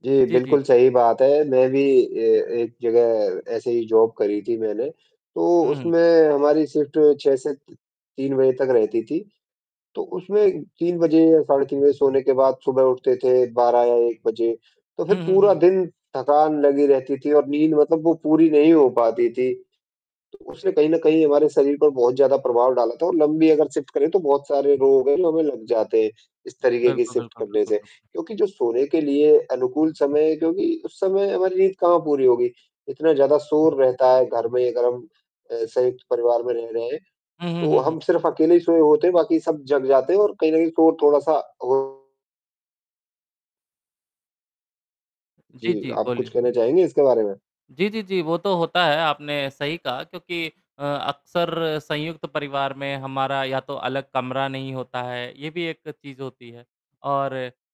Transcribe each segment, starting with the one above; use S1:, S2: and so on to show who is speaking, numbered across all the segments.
S1: जी,
S2: जी, जी।
S1: बिल्कुल सही बात है। मैं भी अ, एक जगह ऐसे ही जॉब करी थी मैंने। तो
S2: हुँ, हुँ।
S1: उसमें हमारी शिफ्ट 6 से 3 तक रहती थी। तो उसमें 3 बजे या साढ़े 3 बजे सोने के बाद सुबह उठते थे 12 या 1 तो फ़िर
S2: हुँ, हुँ,
S1: पूरा
S2: हुँ।
S1: दिन थकान लगी रहती थी और नींद मतलब वो पूरी नहीं हो पाती थी। तो उसने कहीं न कहीं हमारे शरीर पर बहुत ज़्यादा प्रभाव डाला था और लम्बी अगर शिफ्ट करें तो बहुत सारे रोग है जो हमें लग जाते हैं। इस तरीक़े की
S2: बिल्कुल,
S1: शिफ्ट
S2: बिल्कुल,
S1: करने
S2: बिल्कुल,
S1: से
S2: बिल्कुल।
S1: क्योंकि जो सोने के लिए अनुकूल समय है क्योंकि उस समय हमारी नींद कहाँ पूरी होगी। इतना ज़्यादा शोर रहता है घर में अगर हम अ, संयुक्त परिवार में रह रहे हैं,
S2: हुँ, हुँ,
S1: तो
S2: हुँ, हुँ।
S1: हम सिर्फ़ अकेले ही सोये होते हैं बाकी सब जग जाते हैं और कहीं न कहीं शोर थोड़ा-सा हो
S2: जी,
S1: जी,
S2: जी।
S1: आप कुछ
S2: बोलिए।
S1: कहना चाहेंगे इसके बारे में?
S2: जी, जी, जी, वो तो होता है आपने सही कहा क्योंकि अ, अक्सर संयुक्त परिवार में हमारा या तो अलग कमरा नहीं होता है। ये भी एक चीज़ होती है और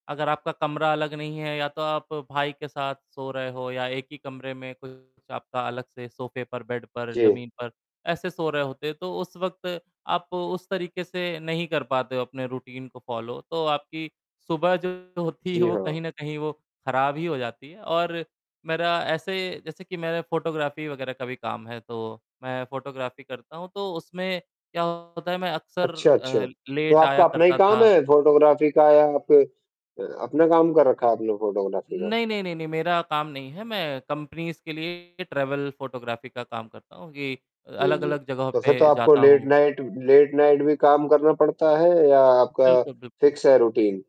S2: अगर आपका कमरा अलग नहीं है या तो आप भाई के साथ सो रहे हो या एक ही कमरे में कुछ आपका अलग से सोफे पर, बेड पर,
S1: जी।
S2: ज़मीन पर ऐसे सो रहे होते हैं। तो उस वक़्त आप उस तरीक़े से नहीं कर पाते हो अपने रूटीन को फ़ॉलो तो आपकी सुबह जो होती है
S1: जी
S2: वो
S1: हाँ।
S2: कहीं न कहीं वो ख़राब ही हो जाती है और मेरा ऐसे जैसे कि मेरा फ़ोटोग्राफी वग़ैरह का भी काम है तो मैं फ़ोटोग्राफी करता हूँ। तो उसमें क्या होता है मैं अक्सर
S1: अच्छा, अच्छा
S2: अ,
S1: तो
S2: लेट
S1: आपका
S2: आया
S1: अपना ही
S2: करता
S1: काम
S2: था।
S1: है फ़ोटोग्राफी का या आप अ, अपना काम कर रखा है आपने फ़ोटोग्राफी का?
S2: नहीं, नहीं, नहीं, नहीं, मेरा काम नहीं है। मैं कंपनीज़ के लिए ट्रैवल फ़ोटोग्राफी का काम करता हूँ। ये अ,
S1: जी, जी,
S2: अलग-अलग जगहों
S1: तो फ़िर तो
S2: पे
S1: आपको
S2: जाता
S1: लेट
S2: हूँ।
S1: नाइट लेट नाइट भी काम करना पड़ता है या आपका
S2: बिल्कुल, बिल्कुल।
S1: फिक्स है रूटीन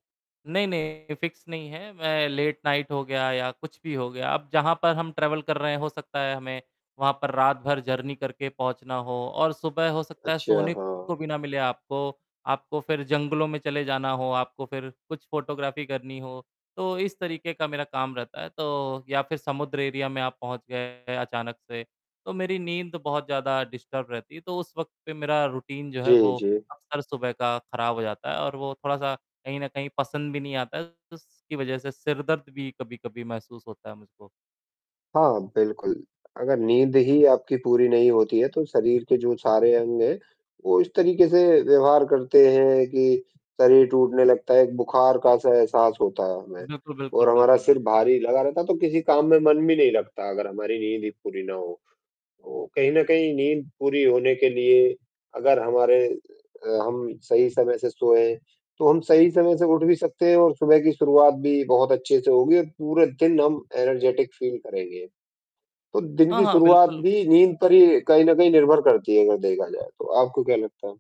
S2: नहीं, नहीं फ़िक्स नहीं है। मैं लेट नाइट हो गया या कुछ भी हो गया। अब जहाँ पर हम ट्रैवल कर रहे हैं हो सकता है हमें वहाँ पर रात भर जर्नी करके पहुँचना हो और सुबह हो सकता है
S1: अच्छा,
S2: सोने
S1: हाँ।
S2: को भी ना मिले आपको। आपको फ़िर जंगलों में चले जाना हो, आपको फ़िर कुछ फ़ोटोग्राफी करनी हो। तो इस तरीक़े का मेरा काम रहता है, तो या फ़िर समुद्र एरिया में आप पहुँच गए अचानक से तो मेरी नींद बहुत ज़्यादा डिस्टर्ब रहती है। तो उस वक़्त पे मेरा रूटीन जो है
S1: जी,
S2: वो
S1: जी।
S2: अक्सर सुबह का ख़राब हो जाता है और वो थोड़ा-सा कहीं न कहीं पसंद भी नहीं आता है। उसकी वजह से सिरदर्द भी कभी-कभी महसूस होता है मुझको।
S1: हाँ, बिल्कुल अगर नींद ही आपकी पूरी नहीं होती है, तो शरीर के जो सारे अंग हैं, वो इस तरीक़े से व्यवहार करते हैं कि शरीर टूटने लगता है, एक बुखार का एहसा एहसास होता है हमें
S2: बिल्कुल, बिल्कुल,
S1: और हमारा
S2: बिल्कुल, बिल
S1: सिर भारी लगा रहता है तो किसी काम में मन भी नहीं लगता अगर हमारी नींद ही पूरी ना हो तो कहीं न कहीं नींद पूरी होने के लिए अगर हमारे अ, हम सही समय से सोए तो हम सही समय से उठ भी सकते हैं और सुबह की शुरुआत भी बहुत अच्छे से होगी और पूरे दिन हम एनर्जेटिक फ़ील करेंगे। तो दिन
S2: हाँ,
S1: की
S2: हाँ,
S1: शुरुआत
S2: बिल्कुल।
S1: भी नींद पर ही कहीं न कहीं निर्भर करती है अगर देखा जाए तो, आपको क्या लगता है?